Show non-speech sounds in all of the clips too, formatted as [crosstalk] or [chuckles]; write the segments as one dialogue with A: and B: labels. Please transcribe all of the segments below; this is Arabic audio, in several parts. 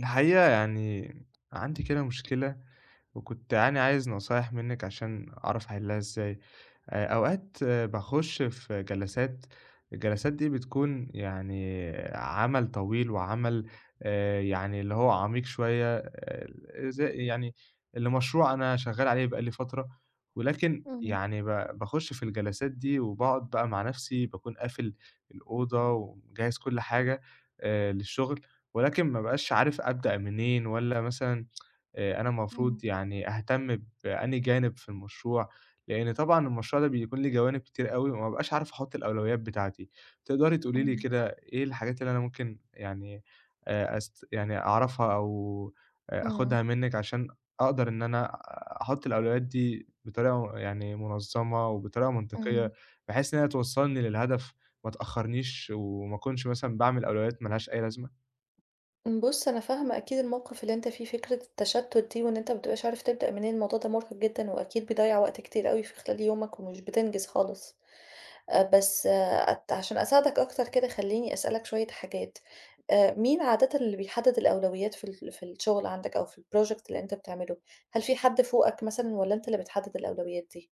A: الحقيقة يعني عندي كده مشكلة وكنت يعني عايز نصايح منِّك عشان أعرف أَحلّها إزاي. آآ أوقات باخُش في جلسات، الجلسات دي بتكون يعني عمل طويل وعمل آآ يعني اللي هو عميق شوية آآ ز يعني لمشروع أنا شغّال عليه بقى لي فترة ولكن
B: إمم.
A: يعني ب باخُش في الجلسات دي وباقعُد بقى مع نَفْسي باكون قافل الأوضة ومجَهّز كل حاجة آآ للشُغل ولكن ما بقاش عارف أبدأ منين والّا مثلًا [tsk] آآ أنا
B: إمم.
A: المفروض يعني أهتم بأنهي جانب في المشروع، لإن طبعًا المشروع ده بيكون ليه جوانب كتير أوي وما أبقاش عارف أحُط الأولويات بتاعتي. تقدري تقولي لي
B: إمم.
A: كده إيه الحاجات اللي أنا ممكن يعني آآ أس يعني أعرفها أو آآ
B: إمم.
A: آخُدها منِّك عشان أقدر إن أنا أحُط الأولويات دي بطريقة يعني مُنظّمة وبطريقة
B: إمم.
A: منطقيّة بحيث إن هي توصّلني للهدف ما تأخّرنيش، وما أكونش مثلًا باعمل أولويات ما لهاش أي لازمة؟
B: ام بُص، أنا فاهمة أكيد الموقِف اللي أنت فيه، فكرة التشَتُّت دي وإن أنت ما بتبقاش عارف تبدأ منين، الموضوع ده مُرهِق جدًا وأكيد بيضيَّع وقت كتير أوي في خلال يومك ومش بتنجز خالص. آآ بس أت عشان أساعدك أكتر كده خلّيني أسألك شوية حاجات، آآ مين عادَةً اللي بيحدّد الأولويات في ال في الشُغل عندك أو في الproject اللي أنت بتعمله؟ هل في حد فوقك مثلًا والّا أنت اللي بتحدّد الأولويات دي؟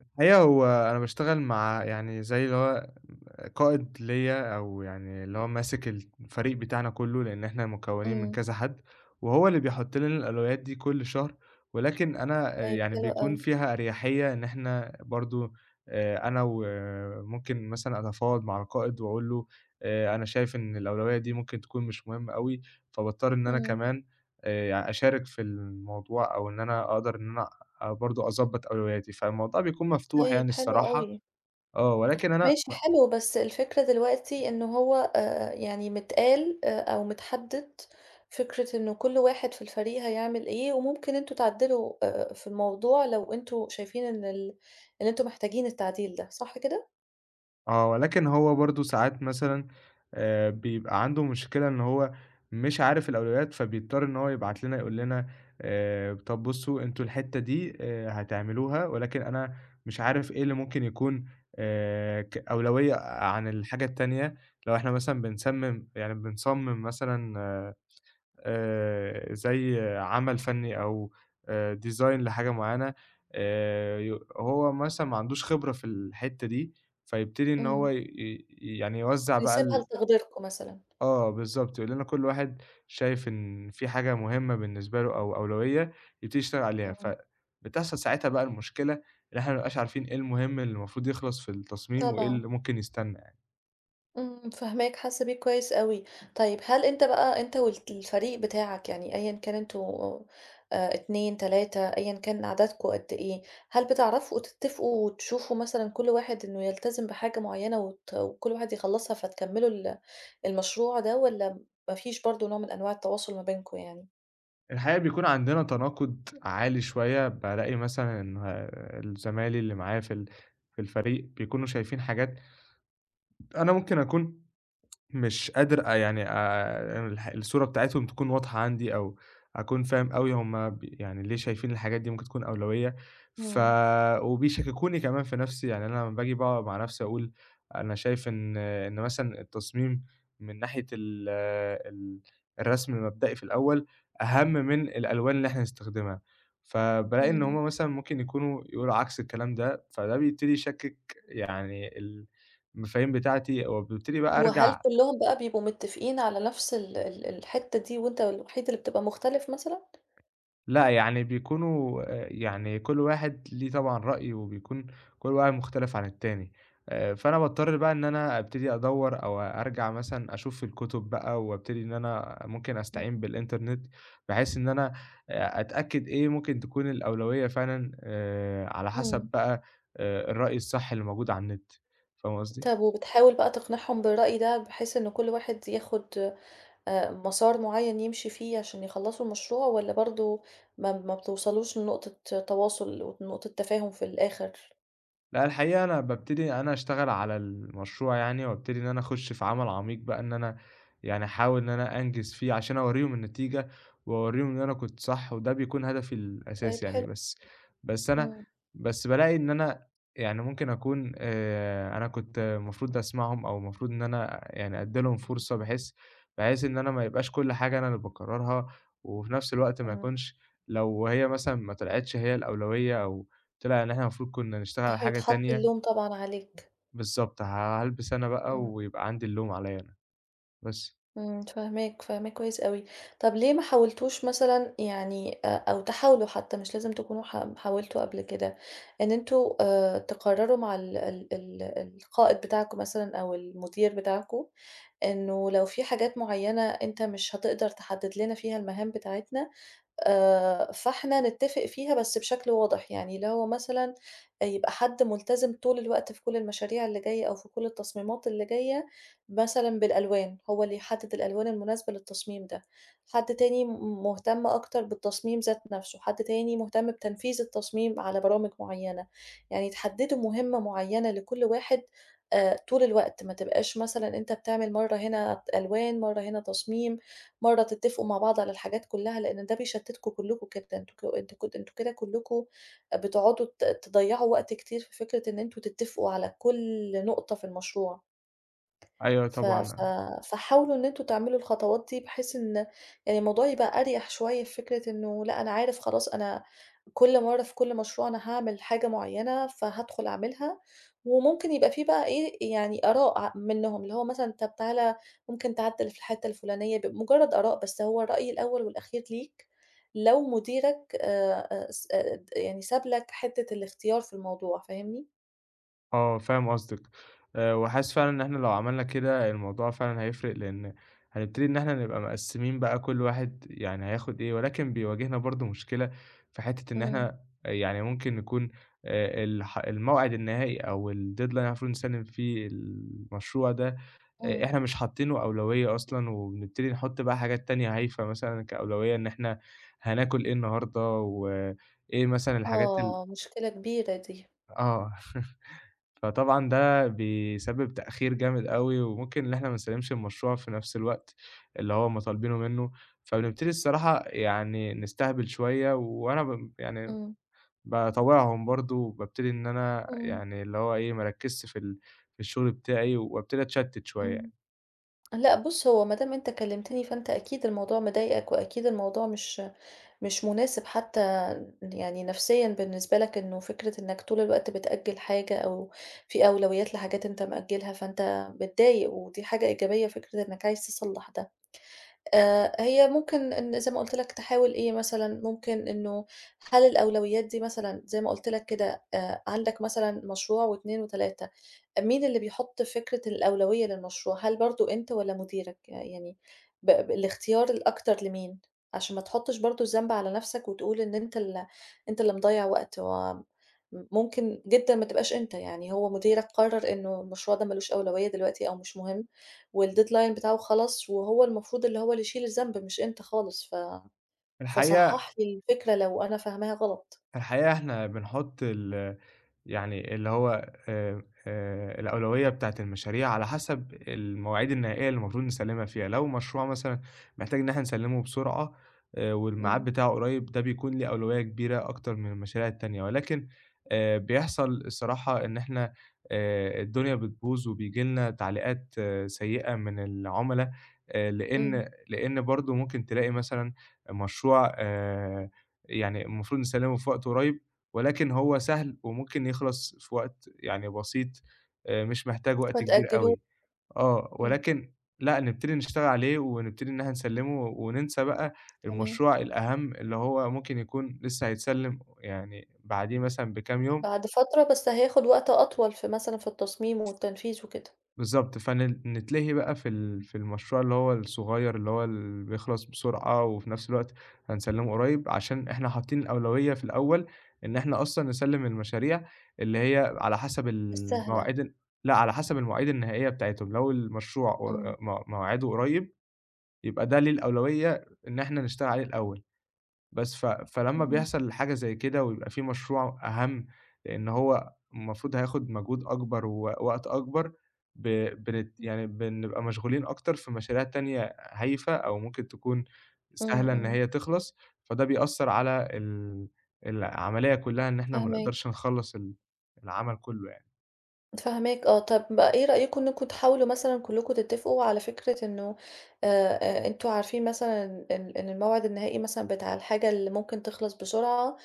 A: الحقيقة هو أنا باشتغل مع يعني زي اللي هو م قائد ليّا أو يعني اللي هو ماسك الت الفريق بتاعنا كُلّه لإن إحنا مكوّنين من
B: إمم.
A: كذا حَد وهو اللي بيحُط لنا الألويات دي كل شهر، ولكن أنا آآ
B: طيب،
A: يعني
B: حلو
A: بيكون
B: أوي.
A: فيها أريحيّة إن إحنا برضه آآ أنا و ممكن مثلًا أتفاوض مع القائد وأقول له آآ أنا شايف إن الأولوية دي ممكن تكون مش مهمّة أوي، فباضطر إن أنا
B: إمم.
A: كمان آآ يع أشارك في الموضوع أو إن أنا أقدر إن أنا آآ برضه أضبّط أولوياتي، فالموضوع بيكون مفتوح
B: طيب،
A: يعني
B: حلو
A: الصراحة،
B: أوي.
A: آه، ولكن أنا
B: ماشي
A: ب
B: حلو، بس الفكرة دلوقتي إنه هو آآ يعني متقال آآ أو متحدّد فكرة إن كل واحد في الفريق هيعمل إيه وممكن أنتم تعدّلوا آآ في الموضوع لو أنتم شايفين إن ال إن أنتم محتاجين التعديل ده، صح كده؟
A: آه، ولكن هو برضه ساعات مثلًا آآ بيبقى عنده مشكلة إن هو مش عارف الأولويات فبيضطر إن هو يبعت لنا يقول لنا: "آآ طَب بُصّوا أنتم الحتّة دي آآ هتعملوها ولكن أنا مش عارف إيه اللي ممكن يكون آآ ك أولوية عن الحاجة التانية." لو إحنا مثلًا بنسمّم يعني بنصمّم مثلًا آآ زي عَمل فَنّي أو آآ design لحاجة معيّنة، آآ يو هو مثلًا ما عندوش خبرة في الحتّة دي، فيبتدي إن هو
B: إمم.
A: ي ي يعني يوزّع بقى
B: بيسيبها
A: ال
B: لتقديركم مثلًا.
A: آه، بالضبط، يقول لنا: "كل واحد شايف إن في حاجة مهمّة بالنسبة له أو أولوية يبتدي يتشتغل عليها."
B: إمم.
A: فبتحصل ساعتها بقى المشكلة إن إحنا ما بنبقاش عارفين إيه المهم اللي المفروض يخلص في التصميم وإيه
B: طبعًا.
A: اللي ممكن يستنّى يع
B: إمم، فاهماك حاسّة بيك كويس أوي. طيب هل أنت بقى أنت والت الفريق بتاعك يعني أيًا كان أنتم آآ 2، 3 أيًا كان عددكم قد إيه، هل بتعرَفوا تتّفقوا وتشوفوا مثلًا كل واحد إنه يلتزم بحاجة معيّنة وت وكل واحد يخلّصها فتكمّلوا ال المشروع ده والّا ما فيش برضه نوع من أنواع التواصُل ما بينكم يعني؟
A: الحقيقة بيكُون عندنا تناقُض عالي شوية، بالاقي مثلًا آآ ال زمايلي اللي معايا في ال في الفريق بيكُونوا شايفين حاجات أنا ممكن أكُون مش قادر أ يعني آآ الح الصورة بتاعتهم تكُون واضحة عندي أو أكُون فاهم أوي هُم ب يعني ليه شايفين الحاجات دي ممكن تكُون أولويّة ف
B: إمم.
A: وبيشكّكوني كمان في نَفْسي، يعني أنا لما باجي باقعُد مع نَفْسي أقول: "أنا شايف إن إن مثلًا التصميم من ناحية ال ال الرسم المبدئي في الأول أهَم من الألوان اللي إحنا هنستخدمها." فبالاقي إن
B: إمم.
A: هُم مثلًا ممكن يكُونوا يقولوا عكْس الكلام ده، فده بيبتدي يشكّك يعني المفاهيم بتاعتي، وبابتدي بقى
B: وهل
A: أرجَع
B: كلّهم بقى بيبقوا متّفقين على نفس ال ال الحِتّة دي وأنت الوحيد اللي بتبقى مختلِف مثلًا؟
A: لا، يعني بيكُونوا، آآ يعني كل واحد ليه طبعًا رأيه وبيكُون كل واحد مختلِف عن التاني آآ، فأنا باضطر بقى إن أنا أبتدي أدوّر أو أرجَع مثلًا أشوف في الكُتُب بقى وأبتدي إن أنا ممكن استعين
B: إمم.
A: بالإنترنت بحيث إن أنا آآ أتأكّد إيه ممكن تكُون الأولوية فعلًا آآ، على حسَب
B: إمم.
A: بقى آآ الرأي الصح اللي موجود على النت، فاهمة قصدي؟
B: طَب وبتحاول بقى تقنِعهم بالرأي ده بحيث إن كل واحد ياخد آآ مسار معيّن يمشِي فيه عشان يخلّصوا المشروع والّا برضه ما ما بتوصَلوش لنقطة تواصُل ونقطة تفاهُم في الآخِر؟
A: لأ الحقيقة أنا بابتدي أنا أشتغل على المشروع يعني وابتدي إن أنا أخُش في عمل عميق بقى، إن أنا يعني أحاول إن أنا أنجِز فيه عشان أورّيهم النتيجة وأورّيهم إن أنا كنت صح وده بيكون هدفي
B: طيب
A: الأساسي يعني،
B: حلو.
A: بس بس أنا
B: إمم.
A: بس بالاقي إن أنا يعني ممكن أكُون آآ، أنا كنت المفروض أسمَعهم أو المفروض إن أنا يعني أدّي لهم فرصة بحيث بحيث إن أنا ما يبقاش كل حاجة أنا اللي باقرّرها وفي نفس الوقت ما
B: إمم.
A: يكونش لو هي مثلًا ما طلعتش هي الأولوية أو طلع إن إحنا المفروض كنا نشتغل على حاجة
B: فهيتحط
A: تانية
B: اللوم طبعًا عليك.
A: بالضبط، هالبِس أنا بقى
B: إمم.
A: ويبقى عندي اللوم عليَّ أنا، بس.
B: إمم، فاهماك، فاهماك كويس أوي. طَب ليه ما حاولتوش مثلًا يعني أ أو تحاولوا حتى مش لازم تكونوا حا حاولتوا قبل كده إن أنتم آآ، تقرّروا مع ال ال ال القائد بتاعكم مثلًا أو المدير بتاعكم إنه لو في حاجات معيّنة أنت مش هتقدر تحدّد لنا فيها المهام بتاعتنا، آآ، فاحنا نتّفق فيها بس بشكل واضح، يعني اللي هو مثلًا يبقى حد ملتزِم طول الوقت في كل المشاريع اللي جايّة أو في كل التصميمات اللي جايّة مثلًا بالألوان، هو اللي يحدّد الألوان المناسبة للتصميم ده، حد تاني م مهتم أكتر بالتصميم ذات نّفْسه، حد تاني مهتم بتنفيذ التصميم على برامج معيّنة، يعني تحدّدوا مهمّة معيّنة لكل واحد آآ، طول الوقت ما تبقاش مثلًا أنت بتعمل مرّة هنا ألوان، مرّة هنا تصميم، مرّة تتّفقوا مع بعض على الحاجات كلّها، لأن ده بيشتّتكوا كلّكوا جدًا أنتك أنتم ك أنتم كده كلّكوا بتقعُدوا ت تضيّعوا وقت كتير في فكرة إن أنتم تتّفقوا على كل نقطة في المشروع
A: أيوه
B: ف
A: طبعًا
B: ف
A: أ
B: فحاولوا إن أنتم تعملوا الخطوات دي بحيث إن آآ الموضوع يبقى أريَح شوية في فكرة إنه لا أنا عارف خلاص، أنا كل مرّة في كل مشروع أنا هاعمل حاجة معيّنة، فهادخل أعملها وممكن يبقى في بقى إيه، يعني آراء ع منهم اللي هو مثلًا "طَب تعالَ ممكن تعدّل في الحِتّة الفلانية؟" ب مجرّد آراء، بس هو الرأي الأول والأخير ليك لو مديرك آآ س آآ ت يعني ساب لك حِتّة الاختيار في الموضوع، فاهمني؟
A: آه، فاهم قصدِك، آآ وحاسس فعلًا إن إحنا لو عملنا كده الموضوع فعلًا هيفرق، لإن هنبتدي إن إحنا نبقى مقسّمين بقى كل واحد يعني هياخُد إيه ولكن بيواجهنا برضه مشكلة في حتّة إن
B: إمم.
A: إحنا يعني ممكن نكون آآ الح الموعد النهائي أو الdeadline اللي إحنا المفروض نسلِّم فيه المشروع ده، آآ
B: إمم.
A: إحنا مش حاطّينه أولوية أصلًا وبنبتدي نحُط بقى حاجات تانية هايفة مثلًا كأولوية إن إحنا هناكُل إيه النهارده وإيه مثلًا الحاجات ال
B: آه، مشكلة كبيرة دي.
A: آه. [chuckles] فطبعًا ده بيسبِّب تأخير جامد أوي وممكن إن إحنا ما نسلِّمش المشروع في نَفْس الوقت اللي هم طالبينه منّه، فبنبتدي الصراحة يعني نستهبل شوية وأنا ب يعني
B: إمم.
A: باطاوعهم برضه وبابتدي إن أنا
B: إمم.
A: يعني اللي هو إيه، ما أركِّزش في ال في الشُغل بتاعي وابتدي أتشتِّت
B: إمم.
A: شوية.
B: لأ بُص، هو ما دام أنت كلِّمتني فأنت أكيد الموضوع مضايقك وأكيد الموضوع مش مش مناسب حتّى يعني نفسيًا بالنسبة لك إنه فكرة إنّك طول الوقت بتأجِّل حاجة أو في أولويات لحاجات أنت مأجّلها، فأنت متضايق ودي حاجة إيجابية فكرة إنّك عايز تصلّح ده. آآ هي ممكن إن زي ما قُلت لك تحاول إيه مثلًا ممكن إنه هل الأولويات دي مثلًا زي ما قُلت لك كده آآ عندك مثلًا مشروع و2 و3، مين اللي بيحُط فكرة الأولوية للمشروع، هل برضه أنت والّا مديرك، يعني ب الاختيار الأكتر لمين؟ عشان ما تحُطّش برضه الذنب على نَفْسك وتقول إن أنت ال أنت اللي مضيّع وقت وم م ممكن جدًا ما تبقاش أنت، يعني هو مديرك قرَّر إنه المشروع ده ما لوش أولوية دلوقتي أو مش مهم والdeadline بتاعه خلص وهو المفروض اللي هو اللي يشيل الذنب مش أنت خالص، ف
A: الحقيقة
B: فصحَّح لي الفكرة لو أنا فاهماها غلط.
A: في الحقيقة إحنا بنحُط ال يعني اللي هو آآ آآ الأولوية بتاعة المشاريع على حَسَب المواعيد النهائية اللي المفروض نسلِّمها فيها. لو مشروع مثلًا محتاج إن إحنا نسلِّمه بسرعة آآ والمعاد
B: إمم.
A: بتاعه قريّب ده بيكون له أولوية كبيرة أكتر من المشاريع التانية ولكن آآ بيحصل الصراحة إن إحنا آآ الدنيا بتبوظ وبييجي لنا تعليقات سيّئة من العُمَلا آآ
B: إمم.
A: لإن لإن برضه ممكن تلاقي مثلًا مشروع آآ يعني المفروض نسلِّمه في وقت قريّب ولكن هو سهل وممكن يخلص في وقت يعني بسيط آآ مش محتاج وقت كبير
B: فتأجِّلوه.
A: أوي. آه،
B: إمم.
A: ولكن لأ نبتدي نشتغل عليه ونبتدي إن إحنا نسلِّمه وننسى بقى
B: تمام.
A: المشروع الأهَم اللي هو ممكن يكون لسّه هيتسلِّم يعني بعديه مثلًا بكام يوم
B: بعد فترة بس هياخُد وقت أطول في مثلًا في التصميم والتنفيذ وكده.
A: بالضبط، فن نتلهي بقى في ال في المشروع اللي هو الصغير اللي هو ال بيخلص بسرعة وفي نَفْس الوقت هنسلِّمه قريّب عشان إحنا حاطّين الأولوية في الأول إن إحنا أصلًا نسلِّم المشاريع اللي هي على حَسَب ال
B: السهلة.
A: المواعيد ال لأ، على حَسَب المواعيد النهائية بتاعتهم لو المشروع و
B: إمم.
A: آآ م موعده قريّب يبقى ده ليه الأولوية إن إحنا نشتغل عليه الأول. بس، ف فلما
B: إمم.
A: بيحصل حاجة زي كده ويبقى في مشروع أهَم، لإن هو المفروض هياخُد مجهود أكبر ووقت أكبر ب بنت يعني بنبقى مشغولين أكتر في مشاريع تانية هايفة أو ممكن تكون
B: إمم،
A: سهلة إن
B: إمم.
A: هي تخلص، فده بيأثّر على ال العملية كُلّها إن إحنا ما
B: فاهماك.
A: نقدرش نخلَّص ال العمل كُلّه يعني.
B: فاهماك آه، طَب إيه رأيكم إنكم تحاولوا مثلًا كلكم تتفقوا على فكرة إنه آآ آآ أنتم عارفين مثلًا إن إن الموعد النهائي مثلًا بتاع الحاجة اللي ممكن تخلص بسرعة،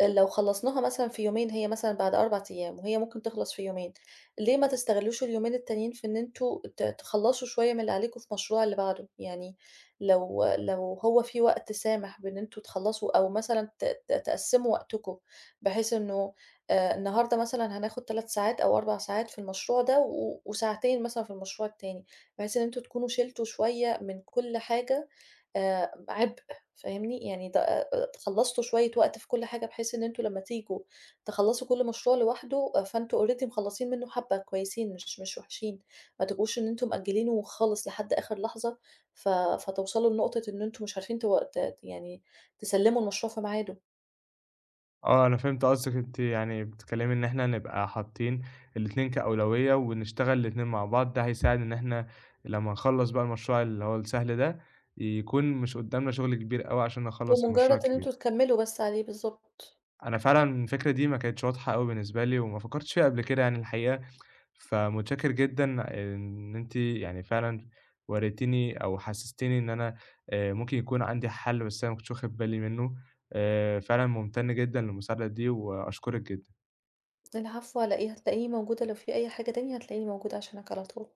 B: لو خلصناها مثلًا في يومين هي مثلًا بعد 4 أيام وهي ممكن تخلص في يومين، ليه ما تستغلّوش اليومين التانيين في إن أنتم ت تخلّصوا شوية من اللي عليكم في المشروع اللي بعده؟ يعني لو لو هو في وقت سامح بأن أنتم تخلصوا أو مثلًا ت ت تقسّموا وقتكم بحيث إنه آآ النهاردة مثلًا هناخد 3 ساعات أو 4 ساعات في المشروع ده و وساعتين مثلًا في المشروع التاني، بحيث إن أنتم تكونوا شِلتوا شوية من كل حاجة آآ عبء فاهمني، يعني ت آآ، خلصتوا شوية وقت في كل حاجة بحيث إن أنتم لمّا تيجوا تخلّصوا كل مشروع لوحده، فأنتم already مخلصين منه حبّة كويسين، مش مش وحشين ما تبقوش إن أنتم مأجلينه خالص لحد آخر لحظة ف فتوصلوا لنقطة إن أنتم مش عارفين ت ت يعني تسلّموا المشروع في ميعاده.
A: آه، أنا فهمت قصدِك. أنتِ يعني بتتكلمي إن إحنا نبقى حاطين الاتنين كأولوية، ونشتغل الاتنين مع بعض ده هيساعد إن احنا لمّا نخلّص بقى المشروع اللي هو السهل ده، يكون مش قدامنا شغل كبير أوي عشان نخلص المشروع
B: بمجرد إن
A: الكبير.
B: أنتم تكمّلوا بس عليه، بالضبط.
A: أنا فعلًا الفكرة دي ما كانتش واضحة أوي بالنسبة لي، وما فكرتش فيها قبل كده يعني الحقيقة. فمتشكر جدًا إن أنتِ يعني فعلًا وريتيني أو حسّستيني إن أنا آآ ممكن يكون عندي حل بس أنا ما كُنتش واخد بالي منه، آآ فعلًا مُمتن جدًا للمساعدة دي وأشكرِك جدًا.
B: العفو على إيه، هتلاقيني موجودة لو في أي حاجة تانية، هتلاقيني موجودة عشانك على طول.